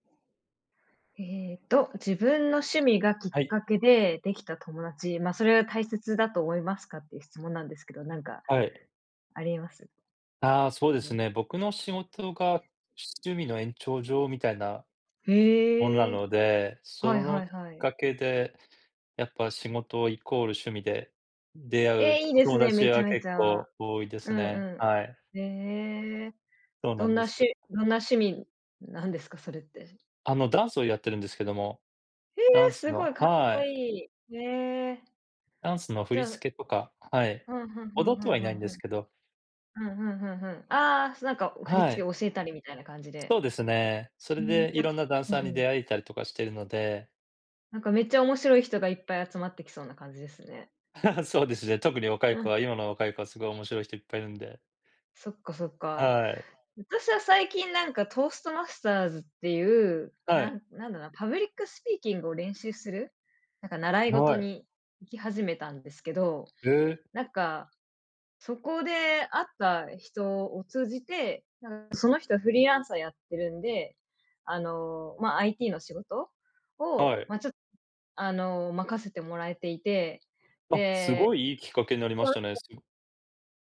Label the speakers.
Speaker 1: ええと、自分の趣味がきっ
Speaker 2: はい。
Speaker 1: かけでできた友達、ま、それは大切だと思いますかっていう質問なんですけど、なんか
Speaker 2: はい。
Speaker 1: あります？
Speaker 2: ああ、そうで
Speaker 1: よ
Speaker 2: すね。
Speaker 1: ね。
Speaker 2: 僕の仕事が趣味の延長上みたいなものな
Speaker 1: へえ。
Speaker 2: ので、
Speaker 1: はい
Speaker 2: その
Speaker 1: は
Speaker 2: き
Speaker 1: い
Speaker 2: っ
Speaker 1: はい。
Speaker 2: かけでやっぱ、仕事イコール趣味で出会う
Speaker 1: ええ、いい
Speaker 2: お
Speaker 1: です
Speaker 2: 友
Speaker 1: ね、め
Speaker 2: 達
Speaker 1: ちゃ
Speaker 2: は
Speaker 1: めち
Speaker 2: 結
Speaker 1: ゃ。
Speaker 2: 構多いで
Speaker 1: う
Speaker 2: す
Speaker 1: ん
Speaker 2: ね、
Speaker 1: う
Speaker 2: はい。
Speaker 1: ん。へえ、
Speaker 2: そうな
Speaker 1: ど
Speaker 2: ん
Speaker 1: ん
Speaker 2: で
Speaker 1: な
Speaker 2: す。
Speaker 1: しどんな趣味なんですか、それって。
Speaker 2: あの、ダンスをやってるんですけども、
Speaker 1: え
Speaker 2: ダ
Speaker 1: え、
Speaker 2: ンス
Speaker 1: すご
Speaker 2: の
Speaker 1: い、かっ
Speaker 2: は
Speaker 1: こ
Speaker 2: い。
Speaker 1: いい。へえ。
Speaker 2: ダンスの振
Speaker 1: じ
Speaker 2: り
Speaker 1: ゃあ
Speaker 2: 付けとか、はい。
Speaker 1: ふんふんふん
Speaker 2: 踊って
Speaker 1: ふん
Speaker 2: はい
Speaker 1: ふ
Speaker 2: ない
Speaker 1: ん
Speaker 2: ん
Speaker 1: ふ
Speaker 2: です
Speaker 1: ん。
Speaker 2: けど。
Speaker 1: ふんふんふんふん、ああ、なんか、お振り
Speaker 2: は
Speaker 1: 付け
Speaker 2: い。
Speaker 1: を教えたりみたいな感じ
Speaker 2: そ
Speaker 1: で。
Speaker 2: うですね、そ
Speaker 1: う
Speaker 2: れ
Speaker 1: ーん、
Speaker 2: でい
Speaker 1: やっ
Speaker 2: ろん
Speaker 1: ぱ
Speaker 2: なダン
Speaker 1: うん
Speaker 2: サーに
Speaker 1: うん。
Speaker 2: 出会えたりとかしてるので。
Speaker 1: なんか、めっちゃ面白い人がいっぱい集まってきそうな感じですね。
Speaker 2: そうですね、特に若い
Speaker 1: う
Speaker 2: 子は
Speaker 1: ん。
Speaker 2: 今の若い子は、すごい面白い人いっぱいいるんで。
Speaker 1: そっかそっか。
Speaker 2: はい。
Speaker 1: 私は最近、なんか、トーストマスターズっていう、
Speaker 2: はい。
Speaker 1: ななんだろうな、パブリックスピーキングを練習する、なんか、習い事
Speaker 2: はい。
Speaker 1: に行き始めたんですけど。
Speaker 2: へえ。
Speaker 1: なんか、そこで会った人を通じて、なんその人はフリーランサーやってるんで、あの、ま、IT の仕事を、
Speaker 2: はい。
Speaker 1: ま、ちょあの、任せてもらえていて、
Speaker 2: あ、す
Speaker 1: で、
Speaker 2: ごい良いきっかけなりま
Speaker 1: そ
Speaker 2: し
Speaker 1: の
Speaker 2: たね。
Speaker 1: 人
Speaker 2: すご。